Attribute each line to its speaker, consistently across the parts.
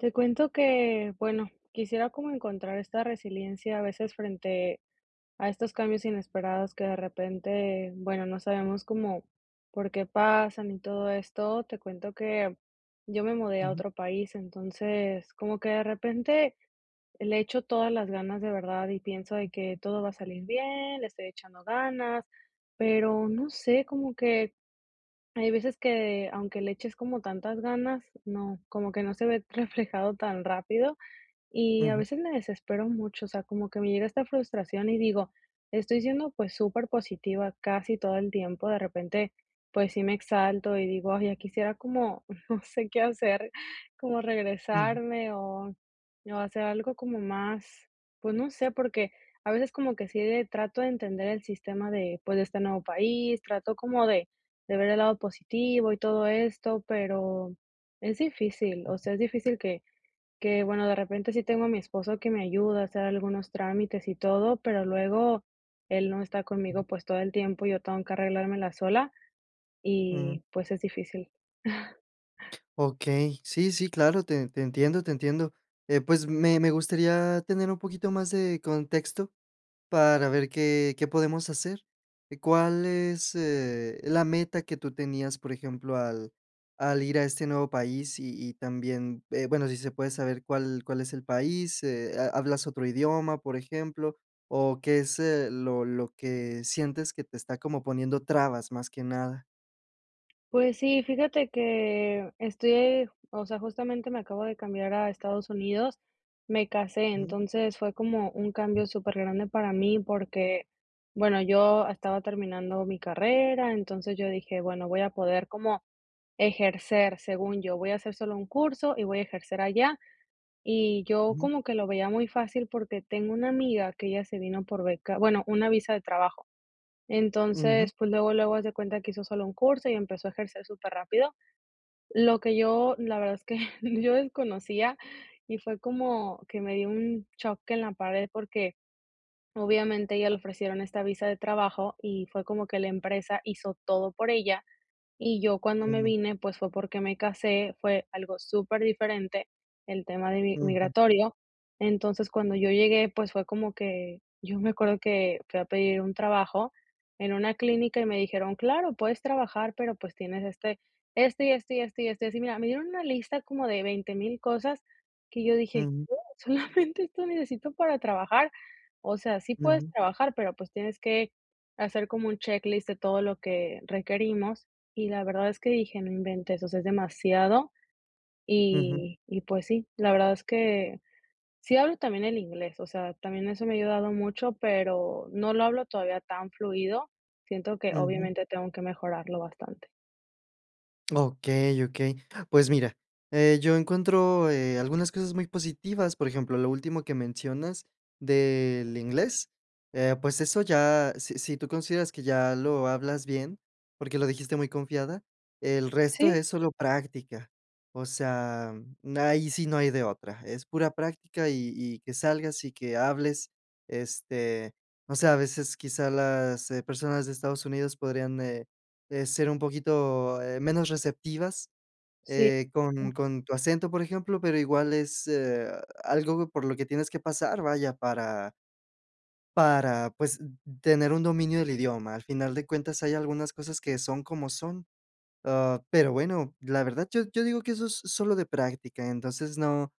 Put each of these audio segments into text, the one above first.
Speaker 1: Te cuento que, bueno, quisiera como encontrar esta resiliencia a veces frente, a estos cambios inesperados que de repente, bueno, no sabemos cómo por qué pasan y todo esto, te cuento que, yo me mudé a
Speaker 2: Ujú.
Speaker 1: otro país, entonces como que de repente le echo todas las ganas de verdad, y pienso de que todo va a salir bien, le estoy echando ganas, pero no sé, como que, hay veces que, aunque le eches como tantas ganas, no, como que no se ve reflejado tan rápido y a
Speaker 2: Ujú.
Speaker 1: veces me desespero mucho, o sea, como que me llega esta frustración y digo: "Estoy siendo, pues, súper positiva casi todo el tiempo", de repente, pues, sí me exalto y digo: "Ay, ya quisiera como no sé qué hacer, como
Speaker 2: Ujú.
Speaker 1: regresarme o, o hacer algo como más, pues, no sé, porque a veces como que sí de trato de entender el sistema de, pues, de este nuevo país, trato como de de ver el lado positivo y todo esto, pero es difícil, o
Speaker 2: Ujú.
Speaker 1: sea, es difícil que, qué bueno, de repente sí tengo a mi esposo que me ayuda a hacer algunos trámites y todo, pero luego él no está
Speaker 2: Ujú.
Speaker 1: conmigo, pues, todo el tiempo, yo tengo que arreglármela sola
Speaker 2: Ujú.
Speaker 1: y pues es difícil.
Speaker 2: Okey, sí, sí, claro, te te entiendo, te entiendo. Eh, pues, me me gustaría tener un poquito más de contexto, para ver qué qué podemos hacer, eh, ¿cuál es, eh, la meta que tú tenías?, por ejemplo, al al ir a este nuevo país y y también, eh, bueno, si se puede saber, ¿cuál cuál es el país?, eh, ¿ha hablas otro idioma?, por ejemplo, o ¿qué es, eh, lo lo que sientes que te está como poniendo trabas?, más que nada.
Speaker 1: Pues sí, fíjate que estoy, o sea, justamente me acabo de cambiar a Estados Unidos, me casé,
Speaker 2: Ujú.
Speaker 1: entonces fue como un cambio supergrande para mí porque, bueno, yo estaba terminando mi carrera, entonces yo dije: "Bueno, voy a poder como ejercer", según yo, "voy a hacer solo un curso y voy a ejercer allá", y yo
Speaker 2: Ujú.
Speaker 1: como que lo veía muy fácil porque tengo una amiga que ella se vino por beca, bueno, una visa de trabajo.
Speaker 2: Ujú.
Speaker 1: Entonces, pues luego, luego haz de cuenta que hizo solo un curso y empezó a ejercer superrápido. Lo que yo, la verdad es que yo desconocía y fue como que me dio un choque en la pared, porque obviamente a ella le ofrecieron esta visa de trabajo y fue como que la empresa hizo todo por ella. Y yo cuando me
Speaker 2: Mm.
Speaker 1: vine, pues fue porque me casé, fue algo superdiferente el tema de mi
Speaker 2: Ujú.
Speaker 1: migratorio. Entonces, cuando yo llegué, pues fue como que, yo me acuerdo que fui a pedir un trabajo en una clínica y me dijeron: "Claro, puedes trabajar, pero pues tienes este, este y este y este y este así". Mira, me dieron una lista como de 20,000 cosas que yo dije:
Speaker 2: Mm.
Speaker 1: "Oh, solamente esto necesito para trabajar". O sea, sí puedes
Speaker 2: Ujú.
Speaker 1: trabajar, pero pues tienes que hacer como un checklist de todo lo que requerimos. Y la verdad es que dije: "No inventes, o sea, es demasiado".
Speaker 2: Ujú.
Speaker 1: Y pues sí, la verdad es que sí hablo también el inglés, o sea, también eso me ha ayudado mucho, pero no lo hablo todavía tan fluido. Siento que,
Speaker 2: Ujú.
Speaker 1: obviamente, tengo que mejorarlo bastante.
Speaker 2: Okey, okey. Pues mira, eh, yo encuentro eh, algunas cosas muy positivas. Por ejemplo, lo último que mencionas, del inglés, eh, pues eso ya si si tú consideras que ya lo hablas bien, porque lo dijiste muy confiada, el resto
Speaker 1: Sí.
Speaker 2: es solo práctica. O sea, ahí sí no hay de otra. Es pura práctica, y y que salgas, y que hables. Este, o sea, a veces, quizá las personas de Estados Unidos, podrían, eh, ser un poquito, eh, menos receptivas,
Speaker 1: Sí,
Speaker 2: eh,
Speaker 1: ujú.
Speaker 2: con con tu acento, por ejemplo. Pero igual, es, eh, algo por lo que tienes que pasar, vaya, para para, pues, tener un dominio del idioma. Al final de cuentas, hay algunas cosas, que son como son. Ah, pero, bueno, la verdad, yo yo digo que eso es sólo de práctica. Entonces, no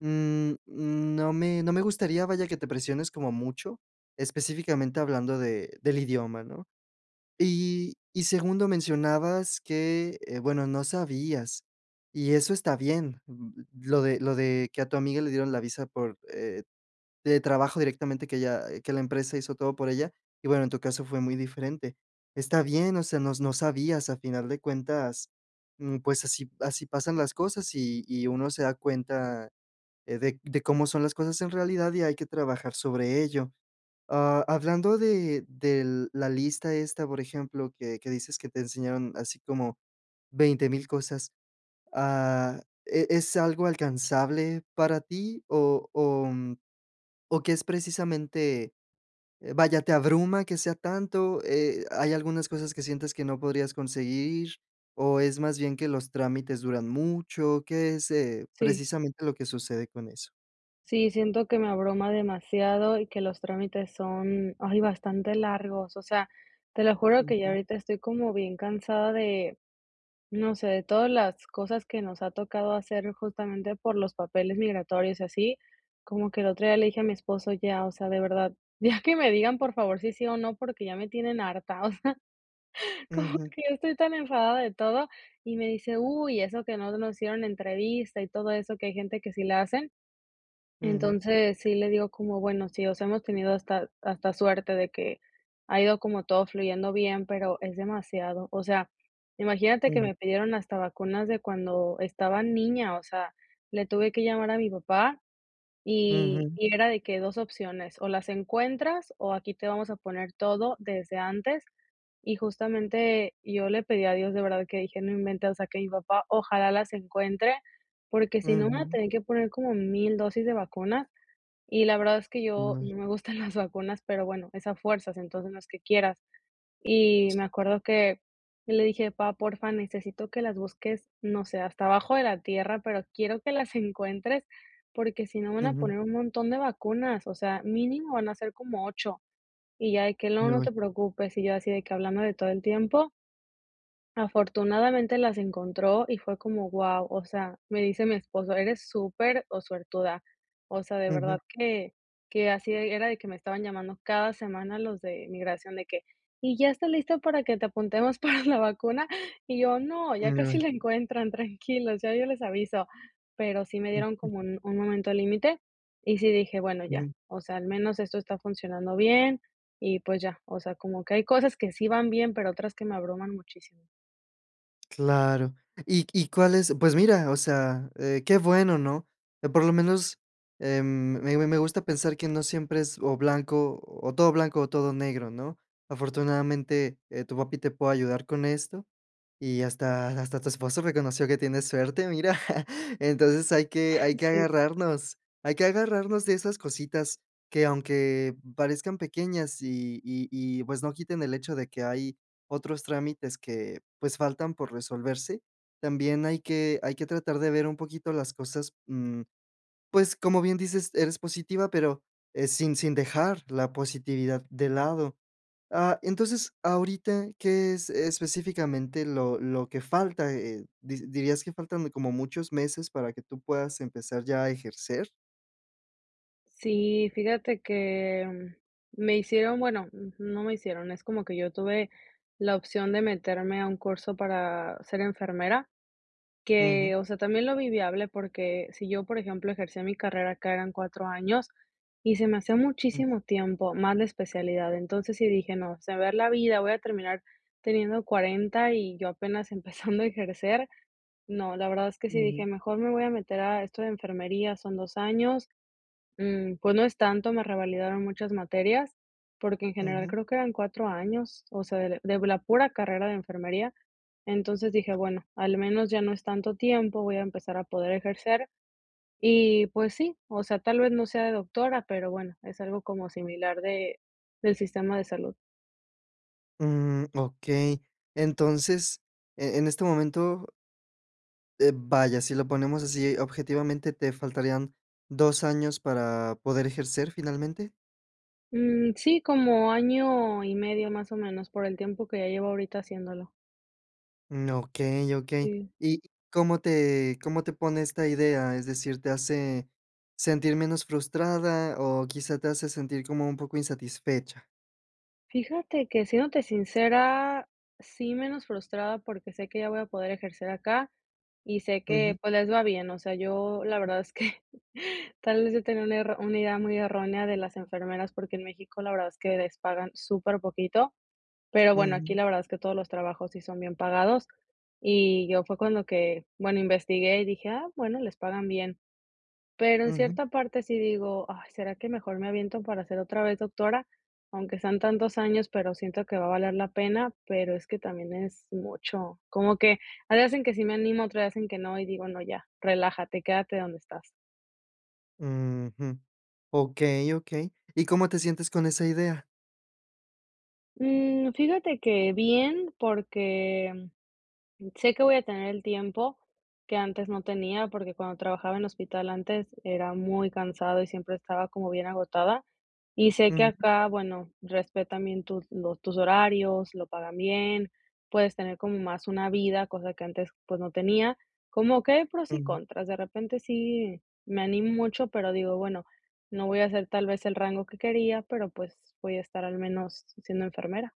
Speaker 2: mm, no me no me gustaría, vaya, que te presiones como mucho. Específicamente, hablando de del idioma, ¿no? Y y segundo, mencionabas que Eh, bueno, no sabías, y eso está bien. Lo de lo de que a tu amiga le dieron la visa, por, eh, de trabajo directamente. Que ella que la empresa hizo todo por ella. Y bueno, en tu caso fue muy diferente. Está bien, o sea, no s no sabías. A final de cuentas, mm, pues así así pasan las cosas. Y y, uno se da cuenta de de cómo son las cosas en realidad, y hay que trabajar sobre ello. Ah, hablando de del de la lista esta, por ejemplo, que que dices que te enseñaron, así como 20000 cosas. Ah, ¿e es algo alcanzable para ti o o, mm, o que es precisamente? Eh, vaya, ¿te abruma que sea tanto? Eh, ¿hay algunas cosas, que sientes que no podrías conseguir? ¿O es más bien que los trámites duran mucho? ¿Qué es, eh,
Speaker 1: Sí.
Speaker 2: precisamente lo que sucede con eso?
Speaker 1: Sí. Siento que me abruma demasiado, y que los trámites son ay bastante largos. O sea, te lo juro que ya
Speaker 2: Ujú.
Speaker 1: ahorita estoy como bien cansada de No sé, de todas las cosas que nos ha tocado hacer, justamente, por los papeles migratorios, y así. Como que el otro día le dije a mi esposo: "Ya. O sea, de verdad, ya que me digan, por favor, si sí o no. Porque ya me tienen harta". O sea, como
Speaker 2: Ujú.
Speaker 1: que ya estoy tan enfadada de todo. Y me dice: "Uy, eso que no nos hicieron entrevista, y todo eso", que hay gente que sí la hacen.
Speaker 2: Ujú.
Speaker 1: Entonces, sí le digo, como: "Bueno, sí. O sea, hemos tenido hasta hasta suerte, de que ha ido como todo fluyendo bien, pero es demasiado". O sea, imagínate que
Speaker 2: Ujú.
Speaker 1: me pidieron hasta vacunas, de cuando estaba niña. O sea, le tuve que llamar a mi papá, y
Speaker 2: Ujú.
Speaker 1: y era de que 2 opciones, o las encuentras, o aquí, te vamos a poner todo, desde antes. Y justamente, yo le pedí a Dios, de verdad, que dije: "No inventes. O sea, que mi papá, ojalá las encuentre, porque si no, me van a
Speaker 2: Ujú.
Speaker 1: tener que poner como 1000 dosis de vacunas". Y la verdad es que yo
Speaker 2: No.
Speaker 1: no me gustan las vacunas. Pero bueno, es a fuerzas, entonces, no es que quieras. Y me acuerdo que yo le dije: "Pá, porfa, necesito que las busques. No sé, hasta abajo de la tierra, pero quiero que las encuentres, porque si no, me van a
Speaker 2: Ujú.
Speaker 1: poner un montón de vacunas. O sea, mínimo van a ser como 8". Y ya, de que: "No, no
Speaker 2: [unintelligible]
Speaker 1: te preocupes". Y yo, así de que hablándole todo el tiempo. Afortunadamente, las encontró, y fue como wao. O sea, me dice mi esposo: "Eres súper o suertuda". O sea, de verdad
Speaker 2: Ujú.
Speaker 1: que que así era de que me estaban llamando cada semana los de migración, de que: "Y, ¿ya está listo para que te apuntemos para la vacuna?". Y yo: "No. Ya
Speaker 2: Mm,
Speaker 1: casi
Speaker 2: ay.
Speaker 1: la encuentran. Tranquilos, ya yo les aviso". Pero sí me dieron
Speaker 2: Ujú.
Speaker 1: como un un momento límite, y sí dije: "Bueno, ya.
Speaker 2: Ujú.
Speaker 1: O sea, al menos esto está funcionando bien". Y, pues, ya. O sea, como que hay cosas que sí van bien, pero otras que me abruman muchísimo.
Speaker 2: Claro. ¿Y y cuáles? Pues mira, o sea, eh, qué bueno, ¿no? Por lo menos, em, me me gusta pensar que no siempre es, o blanco o todo blanco o todo negro, ¿no? Afortunadamente, eh, tu papi te puede ayudar con esto, y hasta hasta tu esposo reconoció que tienes suerte, mira. Entonces, hay que hay que
Speaker 1: Sí.
Speaker 2: agarrarnos hay que agarrarnos de esas cositas, que aunque parezcan pequeñas, y y y pues no quiten el hecho, de que hay otros trámites que pues, faltan por resolverse, también hay que hay que tratar de ver un poquito las cosas, mm, pues, como bien dices, eres positiva, pero, eh, sin sin dejar la positividad de lado. Ah, entonces, ahorita, ¿qué es específicamente lo lo que falta? Eh, ¿di dirías que faltan de como muchos meses, para que tú puedas empezar ya a ejercer?
Speaker 1: Sí, fíjate que, me hicieron, bueno, no me hicieron, es como que yo tuve la opción de meterme a un curso para ser enfermera,
Speaker 2: Ujú.
Speaker 1: que, o sea, también lo vi viable porque si yo, por ejemplo, ejercía mi carrera acá eran 4 años, y se me hacía
Speaker 2: Ujú.
Speaker 1: muchísimo tiempo, más la especialidad. Entonces sí dije: "no, se me va a ir la vida, voy a terminar teniendo 40 y yo apenas empezando a ejercer", no, la verdad es que sí dije:
Speaker 2: Ujú.
Speaker 1: "mejor me voy a meter a esto de enfermería, son 2 años, mm, pues, no es tanto", me revalidaron muchas materias porque en general
Speaker 2: Ujú.
Speaker 1: creo que eran 4 años, o sea, de de la pura carrera de enfermería. Entonces dije: "bueno, al menos ya no es tanto tiempo, voy a empezar a poder ejercer y pues sí", o sea, tal vez, no sea de doctora, pero bueno, es algo como similar de, del sistema de salud.
Speaker 2: Mm, okey, entonces, e en este momento eh, vaya, si lo ponemos así, objetivamente, ¿te faltarían 2 años para poder ejercer finalmente?
Speaker 1: Mm, sí, como año y medio más o menos. Por el tiempo, que ya llevo ahorita haciéndolo.
Speaker 2: Mm, okey, okey,
Speaker 1: Sí.
Speaker 2: ¿y cómo te cómo te pone esta idea? Es decir, ¿te hace sentir menos frustrada? O quizá, te hace sentir como un poco insatisfecha.
Speaker 1: Fíjate que, siéndote sincera, sí, menos frustrada, porque sé que ya voy a poder ejercer acá, y sé que,
Speaker 2: Ujú.
Speaker 1: pues, les va bien. O sea, yo la verdad es que tal vez, yo tenía una erró una idea muy errónea de las enfermeras, porque en México, la verdad es que les pagan súper poquito. Pero bueno, aquí
Speaker 2: Ujú.
Speaker 1: la verdad, es que todos los trabajos, sí son bien pagados. Y yo, fue cuando que Bueno, investigué y dije: "Ah, bueno, les pagan bien". Pero en
Speaker 2: Ujú.
Speaker 1: cierta parte, sí digo: "Ay, ¿será que mejor me aviento, para ser otra vez Doctora? Aunque sean tantos años, pero siento que va a valer la pena". Pero es que también es mucho. Como que hay veces en que sí me animo, otras veces en que no, y digo: "No, ya, relájate. Quédate donde estás".
Speaker 2: Ujú. Okey, okey, ¿y cómo te sientes con esa idea?
Speaker 1: Mm, fíjate que bien, porque, mm, sé que voy a tener el tiempo que antes no tenía, porque cuando trabajaba en hospital, antes, era muy cansado y siempre estaba como bien agotada, y sé que
Speaker 2: Mm.
Speaker 1: acá, bueno, respetan bien tus los tus horarios, lo pagan bien, puedes tener como más una vida, cosa que antes, pues, no tenía, como que hay pros y
Speaker 2: Ujú.
Speaker 1: contras, de repente, sí me animo mucho, pero digo: "Bueno, no voy a hacer tal vez el rango que quería, pero pues voy a estar al menos siendo enfermera".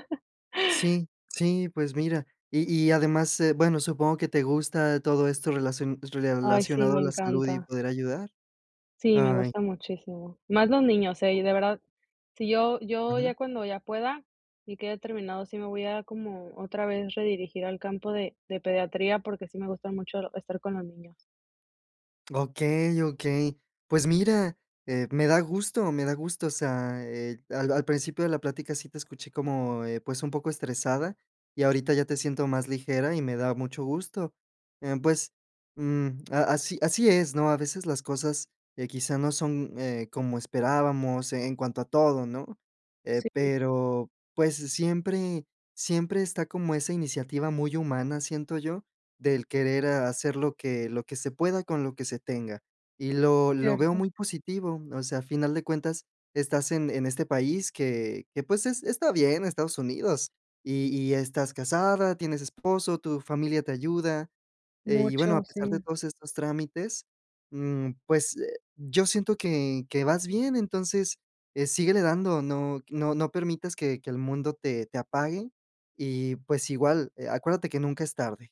Speaker 2: Sí sí, pues, mira, y y además, eh, bueno, supongo que te gusta todo esto relacion
Speaker 1: Ay, sí,
Speaker 2: relacionado
Speaker 1: me
Speaker 2: a la salud y
Speaker 1: encanta.
Speaker 2: poder ayudar.
Speaker 1: Sí, me
Speaker 2: Ay.
Speaker 1: gusta muchísimo, más los niños, eh, y de verdad, si yo yo
Speaker 2: Ajá.
Speaker 1: ya, cuando ya pueda y quede terminado, sí me voy a como, otra vez, redirigir al campo de de pediatría, porque sí me gusta mucho estar con los niños.
Speaker 2: Okey, okey. Pues, mira, eh, me da gusto me da gusto, o sea, eh, al al principio de la plática sí te escuché como, eh, pues, un poco estresada, y ahorita ya te siento más ligera y me da mucho gusto, em, pues, mm, a así así es, ¿no? A veces las cosas que quizás no son, eh, como esperábamos, en cuanto a todo, ¿no?, eh, pero, pues, siempre siempre está como esa iniciativa muy humana, siento yo, del querer, ah, hacer lo que lo que se pueda, con lo que se tenga, y lo lo veo
Speaker 1: Cierto.
Speaker 2: muy positivo, o sea, a final de cuentas, estás en en este país que que, pues, es está bien, Estados Unidos y y estás casada, tienes esposo, tu familia te ayuda, eh, y bueno, a
Speaker 1: Mucho,
Speaker 2: pesar de
Speaker 1: sí.
Speaker 2: todos estos trámites, mm, pues, eh, yo siento que que vas bien, entonces, eh, síguele dando, no q no no permitas que que el mundo te te apague, y, pues, igual, eh, acuérdate que nunca es tarde.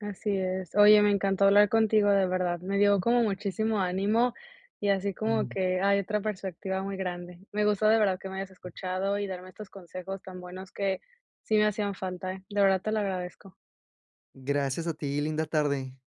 Speaker 1: Así es, oye, me encantó hablar contigo, de verdad, me dio como muchísimo ánimo, y así como que hay otra perspectiva muy grande, me gustó, de verdad, que me hayas escuchado y darme estos consejos tan buenos que, sí me hacían falta, eh, de verdad te lo agradezco.
Speaker 2: Gracias a ti, linda tarde.